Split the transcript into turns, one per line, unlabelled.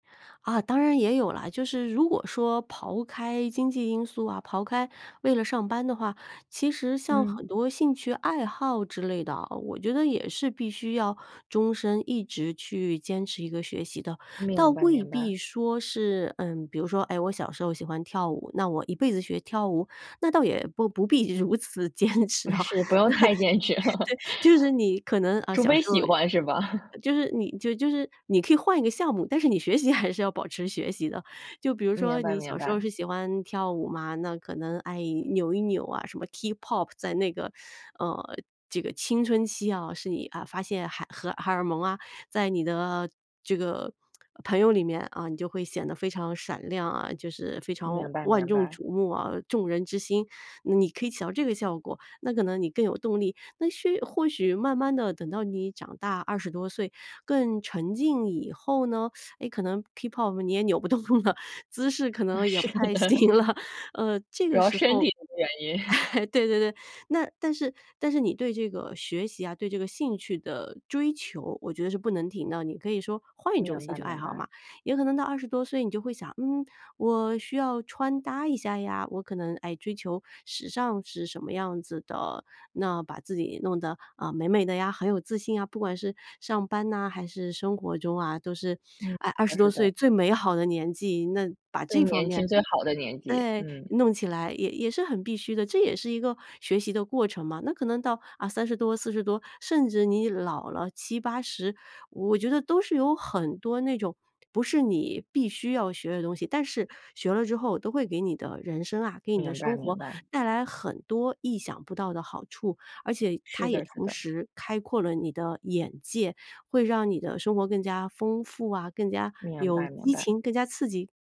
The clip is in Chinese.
啊，当然也有了，就是如果说抛开经济因素啊，抛开为了上班的话，其实像很
嗯。
多兴趣爱好之类的啊，我觉得也是必须要终生一直去坚持一个学习的。倒
明白
未
明白。
必说是，嗯，比如说，诶，我小时候喜欢跳舞，那我一辈子学跳舞，那倒也不不必如此坚持
不
啊。
是，
那
不用太坚持了。
对，就是你可能，啊，
除
小
非
时
喜
候
欢是吧？
就是你就就是你可以换一个项目，但是你学习还是要保持学习的。就比如
明
说
白
你
明
小时候
白。
是喜欢跳舞嘛，那可能爱扭一扭啊，什么 K-pop 在那个，呃，这个青春期啊，是你，啊，发现海荷荷尔蒙啊，在你的这个朋友里面啊，你就会显得非常闪亮啊，就是非常
明白
万
明
众
白。
瞩目啊，众人之星，你可以起到这个效果，那可能你更有动力，那许或许慢慢地等到你长大20多岁更沉静以后呢，诶，可能 k-pop 你也扭不动了，姿势可能也
是
不太
的，
行了。呃，这
主
个
要
时
身
候
体的原因。
哎对对对，那但是但是你对这个学习啊，对这个兴趣的追求，我觉得是不能停的。你可以说换一种
明
兴
白
趣爱
明
好
白。
嘛，也可能到20多岁你就会想，嗯，我需要穿搭一下呀，我可能爱追求时尚是什么样子的，那把自己弄得，呃，美美的呀，很有自信啊，不管是上班呐还是生活中啊，都是，
嗯，
诶，二
那
十多
是
岁
的。
最美好的年纪，那把
最
这方
年
面，
轻、最好的年纪，
诶，
嗯。
弄起来也也是很必须的，这也是一个学习的过程嘛。那可能到，啊，30多、40多，甚至你老了，70-80，我觉得都是有很多那种，不是你必须要学的东西，但是学了之后都会给你的人生啊，给你的
明白
生
明
活
白。
带来很多意想不到的好处。而且它
是
也
的，是
同
的。
时开阔了你的眼界，会让你的生活更加丰富啊，更加
明
有
白明
激
白。
情更加刺激。